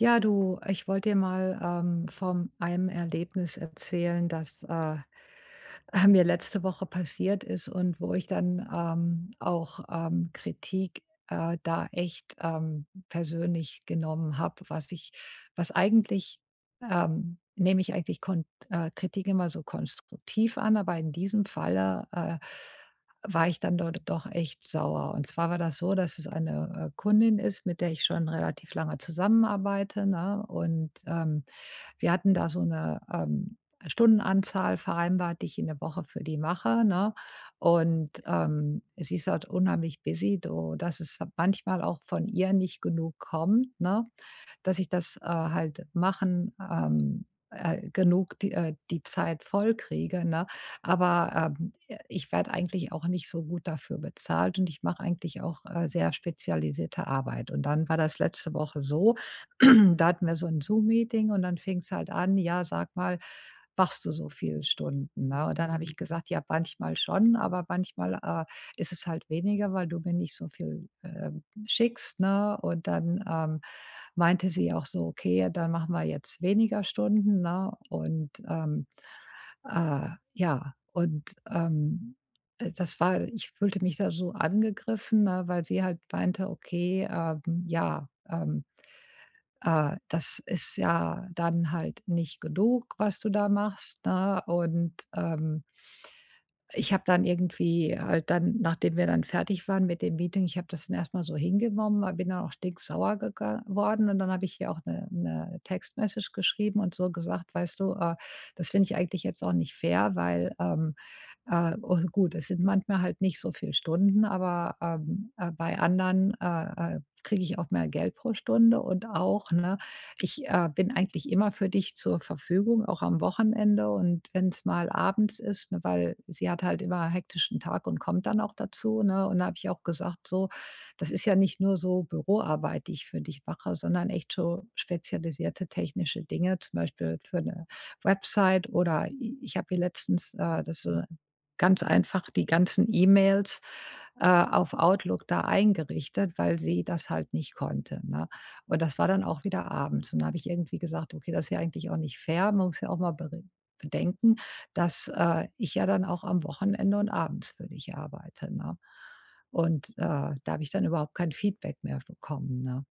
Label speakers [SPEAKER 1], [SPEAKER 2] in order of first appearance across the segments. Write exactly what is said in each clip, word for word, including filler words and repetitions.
[SPEAKER 1] Ja, du, ich wollte dir mal, ähm, vom einem Erlebnis erzählen, dass, äh, mir letzte Woche passiert ist und wo ich dann, ähm, auch, ähm, Kritik, äh, da echt, ähm, persönlich genommen habe, was ich was eigentlich, ähm, nehme ich eigentlich kont äh, Kritik immer so konstruktiv an. Aber in diesem Falle, äh, war ich dann dort doch echt sauer. Und zwar war das so, dass es eine, äh, Kundin ist, mit der ich schon relativ lange zusammenarbeite, ne? Und, ähm, wir hatten da so 'ne, ähm, Stundenanzahl vereinbart, die ich in der Woche für die mache, ne? Und, ähm, sie ist halt unheimlich busy, do dass es manchmal auch von ihr nicht genug kommt, ne? Dass ich das, äh, halt machen, ähm, äh genug die, äh die Zeit voll kriege, ne? Aber, ähm, äh, ich werde eigentlich auch nicht so gut dafür bezahlt. Und ich mache eigentlich auch, äh, sehr spezialisierte Arbeit. Und dann war das letzte Woche so, da hatten wir so 'n Zoom-Meeting und dann fing es halt an: „Ja, sag mal, machst du so viele Stunden,“ ne? Und dann habe ich gesagt: „Ja, manchmal schon, aber manchmal, äh, ist es halt weniger, weil du mir nicht so viel, ähm, schickst,“ ne? Und dann, ähm, meinte sie auch so: „Okay, ja dann machen wir jetzt weniger Stunden,“ ne? Und, ähm, äh, ja und, ähm, äh, das war ich fühlte mich da so angegriffen, ne, weil sie halt meinte: „Okay, ähm, ja, ähm, äh, das ist ja dann halt nicht genug, was du da machst,“ ne? Und, ähm ich habe dann irgendwie halt dann, nachdem wir dann fertig waren mit dem Meeting ich habe das dann erstmal so hingenommen, aber bin dann auch stinksauer ge geworden und dann habe ich hier auch 'ne 'ne Text-Message geschrieben und so gesagt: „Weißt du, äh, das finde ich eigentlich jetzt auch nicht fair, weil, ähm, äh“ Und gut, es sind manchmal halt nicht so viel Stunden, aber, ähm, äh, bei anderen, äh, äh, kriege ich auch mehr Geld pro Stunde und auch, ne ich, äh, bin eigentlich immer für dich zur Verfügung, auch am Wochenende. Und wenn's mal abends ist, ne, weil sie hat halt immer hektischen Tag und kommt dann auch dazu, ne? Und dann habe ich ihr auch gesagt: „So, das ist ja nicht nur so Büroarbeit, die ich für dich mache, sondern echt so spezialisierte technische Dinge.“ Zum Beispiel für 'ne Website, oder i ich habe ihr letztens, äh, das so ganz einfach die ganzen E-Mails, äh, auf Outlook da eingerichtet, weil sie das halt nicht konnte, ne? Und das war dann auch wieder abends. Und dann habe ich irgendwie gesagt: „Okay, das ist ja eigentlich auch nicht fair. Man muss ja auch mal bere bedenken, dass, äh, ich ja dann auch am Wochenende und abends für dich arbeite,“ ne? Und, äh, da habe ich dann überhaupt kein Feedback mehr bekommen, ne?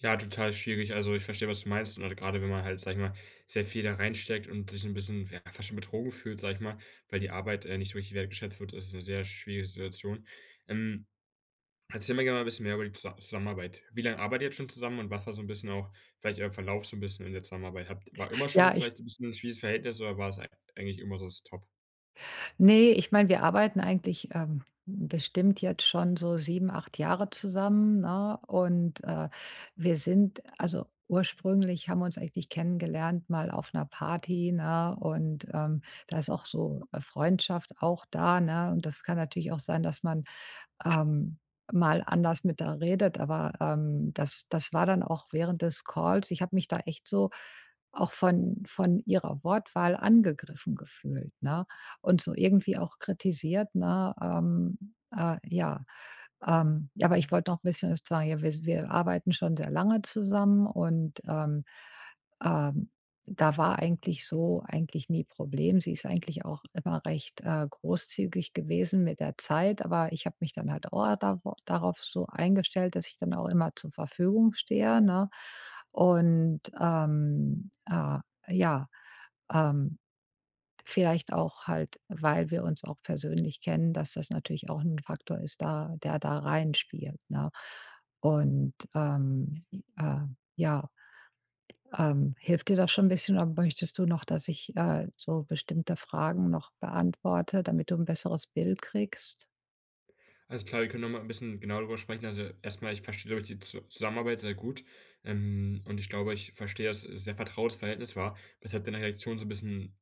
[SPEAKER 2] Ja, total schwierig. Also, ich verstehe, was du meinst. Und gerade wenn man halt, sage ich mal, sehr viel da reinsteckt und sich 'n bisschen, ja, fast schon betrogen fühlt, sage ich mal, weil die Arbeit, äh, nicht so richtig wertgeschätzt wird, ist 'ne sehr schwierige Situation. Ähm, erzähl mir gerne mal 'n bisschen mehr über die Z Zusammenarbeit. Wie lange arbeitet ihr jetzt schon zusammen und was war so 'n bisschen auch, vielleicht der Verlauf so 'n bisschen in der Zusammenarbeit? Habt war immer schon
[SPEAKER 1] Ja, ich
[SPEAKER 2] vielleicht so 'n bisschen 'n schwieriges Verhältnis oder war es eig eigentlich immer so das ist top?
[SPEAKER 1] Ne, ich meine, wir arbeiten eigentlich, ähm, bestimmt jetzt schon so sieben, acht Jahre zusammen, ne? Und, äh, wir sind also, ursprünglich haben wir uns eigentlich kennengelernt, mal auf 'ner Party, ne? Und, ähm, da ist auch so Freundschaft auch da, ne? Und das kann natürlich auch sein, dass man, ähm, mal anders mit der redet, aber, ähm, das das war dann auch während des Calls. Ich habe mich da echt so auch von von Ihrer Wortwahl angegriffen gefühlt, ne? Und so irgendwie auch kritisiert, ne? Ähm, äh, ja, ähm ja, aber ich wollte noch 'n bisschen sagen, wi wir arbeiten schon sehr lange zusammen und, ähm, ähm, da war eigentlich so eigentlich nie Problem. Sie ist eigentlich auch immer recht, äh, großzügig gewesen mit der Zeit, aber ich habe mich dann halt au da darauf so eingestellt, dass ich dann auch immer zur Verfügung stehe, ne? Und, ähm, äh, ja, ähm vielleicht auch halt, weil wir uns auch persönlich kennen, dass das natürlich auch 'n Faktor ist, da der da reinspielt, ne? Und, ähm, äh, ja, ähm hilft dir das schon 'n bisschen, oder möchtest du noch, dass ich, äh, so bestimmte Fragen noch beantworte, damit du 'n besseres Bild kriegst?
[SPEAKER 2] Alles klar, wir können noch mal 'n bisschen genauer darüber sprechen. Also, erstmal, ich verstehe, glaube ich, die Zu Zusammenarbeit sehr gut. Ähm, und ich glaube, ich verstehe, dass sehr vertrautes Verhältnis war, weshalb deine Reaktion so 'n bisschen,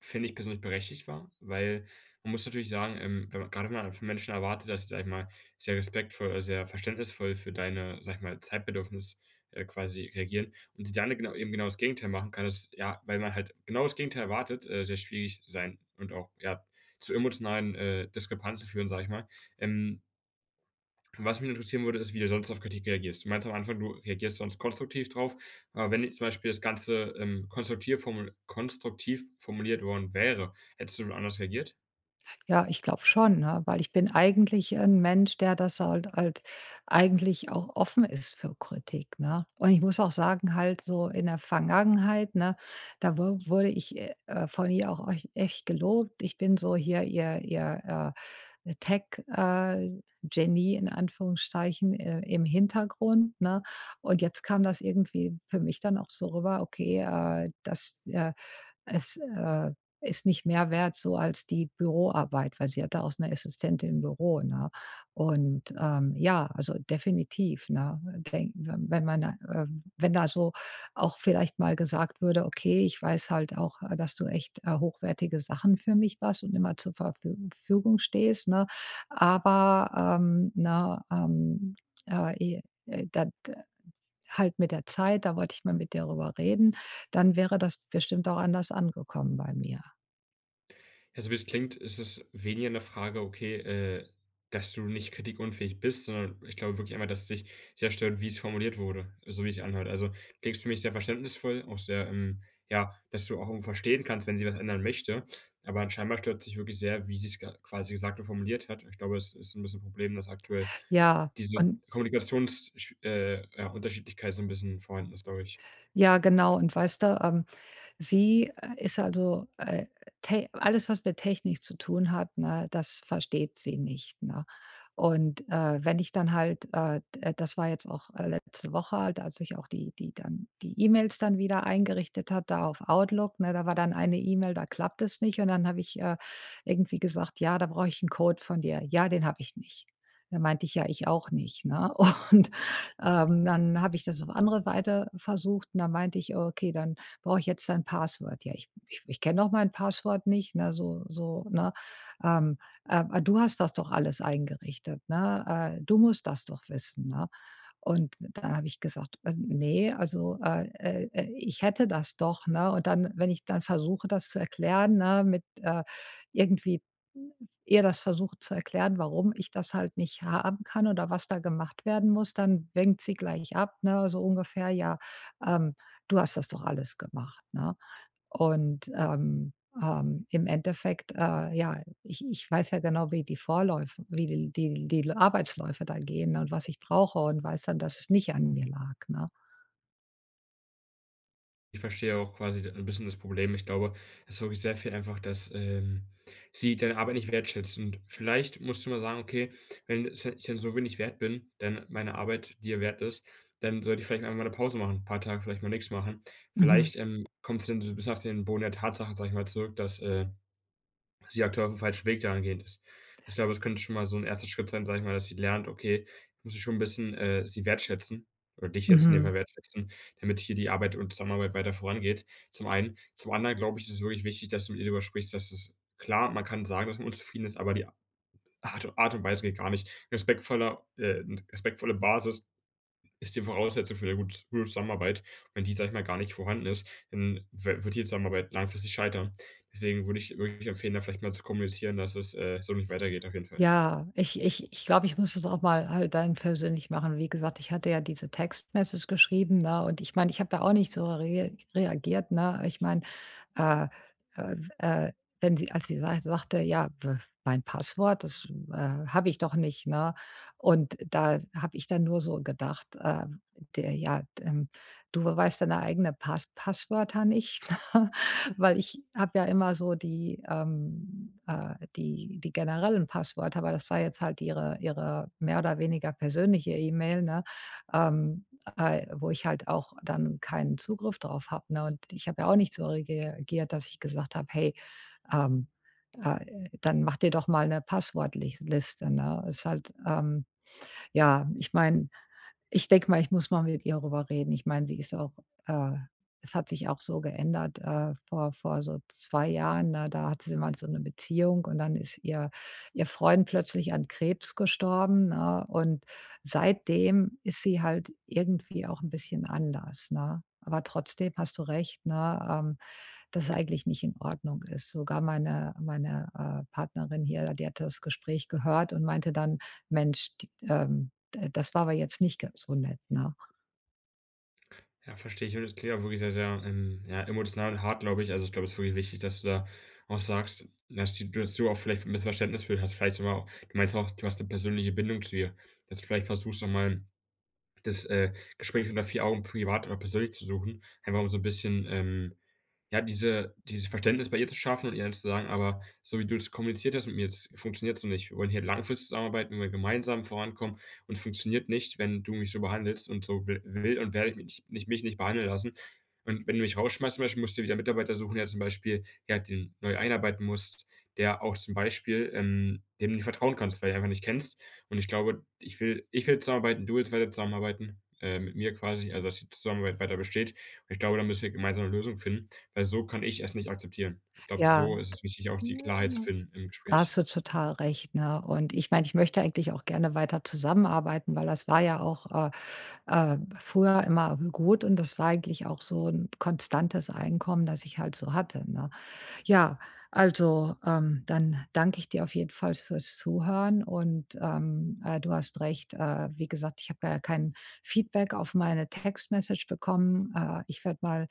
[SPEAKER 2] finde ich persönlich, berechtigt war. Weil man muss natürlich sagen, ähm, wenn man gerade wenn man von Menschen erwartet, dass sie sage ich mal, sehr respektvoll, sehr verständnisvoll für deine, sage ich mal, Zeitbedürfnis, äh, quasi reagieren und sie dann genau eben genau das Gegenteil machen kann, das, ja weil man halt genau das Gegenteil erwartet, äh, sehr schwierig sein und auch, ja, zu emotionalen, äh, Diskrepanzen führen, sage ich mal. Ähm was mich interessieren würde, ist, wie du sonst auf Kritik reagierst. Du meintest am Anfang, du reagierst sonst konstruktiv drauf. Aber wenn jetzt zum Beispiel das Ganze, ähm, konstruktir formul konstruktiv formuliert worden wäre, hättest du wohl anders reagiert?
[SPEAKER 1] Ja, ich glaube schon, ne? Weil ich bin eigentlich 'n Mensch, der das hal halt eigentlich auch offen ist für Kritik, ne? Und ich muss auch sagen halt so in der Vergangenheit, ne, da wu wurde ich, äh, äh, von ihr auch ech echt gelobt. Ich bin so hier ihr, ihr, äh, Tech, äh, Genie in Anführungszeichen, äh, im Hintergrund, ne? Und jetzt kam das irgendwie für mich dann auch so rüber: „Okay, äh, das, äh es, äh, ist nicht mehr wert so als die Büroarbeit,“ weil sie hat da auch 'ne Assistentin im Büro, ne? Und, ähm, ja, also, definitiv, ne, weng w wenn man da, äh wenn da so auch vielleicht mal gesagt würde: „Okay, ich weiß halt auch, äh, dass du echt, äh, hochwertige Sachen für mich machst und immer zur Verfü Fügung stehst, ne? Aber, ähm, ne, ähm, äh, e da d halt mit der Zeit, da wollte ich mal mit dir darüber reden.“ Dann wäre das bestimmt auch anders angekommen bei mir.
[SPEAKER 2] Also, wie es klingt, ist es weniger 'ne Frage, okay, äh, dass du nicht kritikunfähig bist, sondern ich glaube wirklich einfach, dass es dich sehr stört, wie es formuliert wurde, so wie sich anhört. Also, du klingst für mich sehr verständnisvoll, auch sehr, ähm, ja dass du auch irgendwo verstehen kannst, wenn sie was ändern möchte. Aber scheinbar stört es dich wirklich sehr, wie sie's g quasi gesagt und formuliert hat. Ich glaube, es ist 'n bisschen 'n Problem, dass aktuell
[SPEAKER 1] Ja,
[SPEAKER 2] diese
[SPEAKER 1] und
[SPEAKER 2] Kommunikationsschw äh, ja, Unterschiedlichkeit so 'n bisschen vorhanden ist, glaube ich.
[SPEAKER 1] Ja, genau. Und weißt du, ähm, sie ist also, äh, te alles, was mit Technik zu tun hat, ne, das versteht sie nicht, ne? Und, äh, wenn ich dann halt, äh d das war jetzt auch, äh, letzte Woche halt, als ich auch die die dann die E-Mails dann wieder eingerichtet habe, da auf Outlook, ne? Da war dann eine E-Mail, da klappt es nicht, und dann habe ich, äh, irgendwie gesagt: „Ja, da brauche ich 'n Code von dir.“ „Ja, den habe ich nicht.“ Da meinte ich: „Ja, ich auch nicht,“ ne? Und, ähm, dann habe ich das auf andere Weite versucht und dann meinte ich: „Oh, okay, dann brauche ich jetzt ein Password.“ „Ja, ich ich ich kenne doch mein Passwort nicht,“ ne, so so, ne? „Ähm, äh, aber du hast das doch alles eingerichtet,“ ne? „Äh, du musst das doch wissen,“ ne? Und dann habe ich gesagt: „Als ne, also, äh, äh, äh, ich hätte das doch,“ ne? Und dann, wenn ich dann versuche, das zu erklären, ne, mit, äh irgendwie ihr das versucht zu erklären, warum ich das halt nicht haben kann oder was da gemacht werden muss, dann wenkt sie gleich ab, ne, so ungefähr: „Ja, ähm, du hast das doch alles gemacht,“ ne? Und, ähm, ähm, im Endeffekt, äh ja, ich ich weiß ja genau, wie die Vorläuf wie die die die Arbeitsläufe da gehen, ne, und was ich brauche und weiß dann, dass es nicht an mir lag, ne?
[SPEAKER 2] Ich verstehe auch quasi d ein bisschen das Problem. Ich glaube, ist wirklich sehr viel einfach, dass, ähm, sie deine Arbeit nicht wertschätzt und vielleicht musst du mal sagen: „Okay, wenn [unintelligible] ich so wenig wert bin, dann meine Arbeit dir wert ist, dann sollte ich vielleicht einfach mal 'ne Pause machen, paar Tage vielleicht mal nix machen.“
[SPEAKER 1] Mhm.
[SPEAKER 2] Vielleicht, ähm, kommt's denn so bisschen auf den Boden der Tatsache, sage ich mal zurück, dass, äh, sie aktuell aufm falschen Weg dahin gehend ist. Ich glaube, es könnte schon mal so ein erster Schritt sein, sage ich mal, dass sie lernt: „Okay, muss ich schon bisschen, äh, sie wertschätzen, oder dich schätzen in dem
[SPEAKER 1] Mhm.
[SPEAKER 2] Fall wertschätzen, damit hier die Arbeit und Zusammenarbeit weiter vorangeht.“, zum einen. Zum anderen glaube ich, ist es wirklich wichtig, dass du mit ihr darüber sprichst. Das ist klar, man kann sagen, dass man unzufrieden ist, aber die A Art u Art und Weise geht gar nicht. respektvoller, äh respektvolle Basis, ist die Voraussetzung für 'ne gut gute Zusammenarbeit. Wenn die, sage ich mal, gar nicht vorhanden ist, dann wi wird die Zusammenarbeit langfristig scheitern. Deswegen würde ich wirklich empfehlen, da vielleicht mal zu kommunizieren, dass es, äh, so nicht weitergeht, auf jeden Fall.
[SPEAKER 1] Ja, ich ich ich glaube, ich muss das auch mal halt dann persönlich machen. Wie gesagt, ich hatte ja diese Text-Message geschrieben, ne? Und ich meine, ich habe ja auch nicht so re reagiert, ne, ich meine, äh, äh, äh, wenn sie als sie sag sagte: „Ja, w mein Passwort. Das, äh, habe ich doch nicht, ne?“ Und da habe ich dann nur so gedacht, äh, der ja, d ähm. du weißt deine eigene Pass Passwörter nicht, ne? Weil ich habe ja immer so die ähm, äh, die die generellen Passwörter, weil das war jetzt halt ihre ihre mehr oder weniger persönliche E-Mail, ne, ähm, äh, wo ich halt auch dann keinen Zugriff drauf habe, ne? Und ich habe ja auch nicht so rea reagiert, dass ich gesagt habe: „Hey, ähm, äh, dann mach dir doch mal 'ne Passwortlich Liste, ne?“ Ist halt, ähm, ja, ich meine ich denke mal, ich muss mal mit ihr darüber reden. Ich meine, sie ist auch, äh es hat sich auch so geändert. Äh, vor vor so zwei Jahren, ne? Da hatte sie mal so 'ne Beziehung. Und dann ist ihr ihr Freund plötzlich an Krebs gestorben, ne, und seitdem ist sie halt irgendwie auch 'n bisschen anders, ne? Aber trotzdem hast du recht, ne, ähm, dass es eigentlich nicht in Ordnung ist. Sogar meine meine, äh, Partnerin hier, die hat das Gespräch gehört und meinte dann: „Mensch d ähm, d das war aber jetzt nicht ganz so nett, ne?“
[SPEAKER 2] Ja, verstehe ich. Und das klingt auch wirklich sehr, sehr, ähm, ja, emotional hart, glaube ich. Also ich glaube, es ist wirklich wichtig, dass du da auch sagst, dass [unintelligible] du auch vielleicht mit Missverständnis für hast. Vielleicht [unintelligible] du meinst auch, du hast 'ne persönliche Bindung zu ihr. Jetzt vielleicht versuchst du mal, das, äh, Gespräch unter vier Augen privat oder persönlich zu suchen. Einfach mal so 'n bisschen, ähm, ja, diese dieses Verständnis bei ihr zu schaffen und ihr dann zu sagen: „Aber so wie du es kommuniziert hast mit mir, das funktioniert so nicht. Wir wollen hier langfristig zusammenarbeiten, wollen hier gemeinsam vorankommen und funktioniert nicht, wenn du mich so behandelst und so will will und werde ich mich mich nicht behandeln lassen. Und wenn du mich rausschmeißt, zum Beispiel, musst du dir wieder Mitarbeiter suchen, der zum Beispiel, ja den neu einarbeiten musst, der auch zum Beispiel, ähm, dem du nicht vertrauen kannst, weil du einfach nicht kennst. Und ich glaube, ich will ich will zusammenarbeiten, du willst weiter zusammenarbeiten äh, mit mir quasi also dass die Zusammenarbeit weiter besteht. Und ich glaube, da müssen wir gemeinsame 'ne Lösung finden, weil so kann ich es nicht akzeptieren.“ Ich glaube,
[SPEAKER 1] Ja,
[SPEAKER 2] so ist es wichtig, auch die Klarheit zu finden im
[SPEAKER 1] da
[SPEAKER 2] Gespräch.
[SPEAKER 1] hast du total recht, ne? Und ich meine, ich möchte eigentlich auch gerne weiter zusammenarbeiten, weil das war ja auch, äh äh, früher immer gut. Und das war eigentlich auch so 'n konstantes Einkommen, das ich halt so hatte, ne? Ja, also, ähm, dann danke ich dir auf jeden Fall fürs Zuhören und, ähm äh, du hast recht, äh, wie gesagt, ich habe da ja kein Feedback auf meine Text-Message bekommen. Äh, ich werde mal,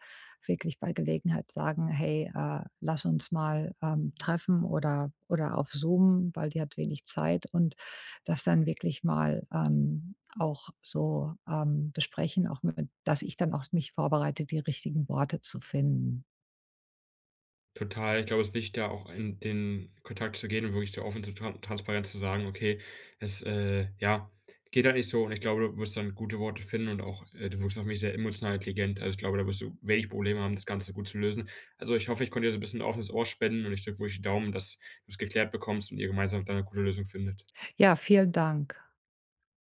[SPEAKER 1] wirklich bei Gelegenheit sagen: „Hey, äh, lass uns mal, ähm, treffen oder oder auf Zoom.“, weil die hat wenig Zeit und das dann wirklich mal, ähm, auch so, ähm, besprechen, auch mit dass ich dann auch mich vorbereite, die richtigen Worte zu finden.
[SPEAKER 2] Total, ich glaube, es ist wichtig, da auch ein den Kontakt zu gehen und wirklich so offen so tran transparent zu sagen: „Okay, es, äh ja, geht halt nicht so.“ und ich glaube, du wirst dann gute Worte finden und auch, äh du wirkst auf mich sehr emotional intelligent. Also ich glaube, da wirst du wenig Probleme haben, das Ganze gut zu lösen. Also ich hoffe, ich konnte dir so bisschen offenes Ohr spenden und ich drücke wirklich die Daumen, dass du es geklärt bekommst und ihr gemeinsam da 'ne gute Lösung findet.
[SPEAKER 1] Ja, vielen Dank.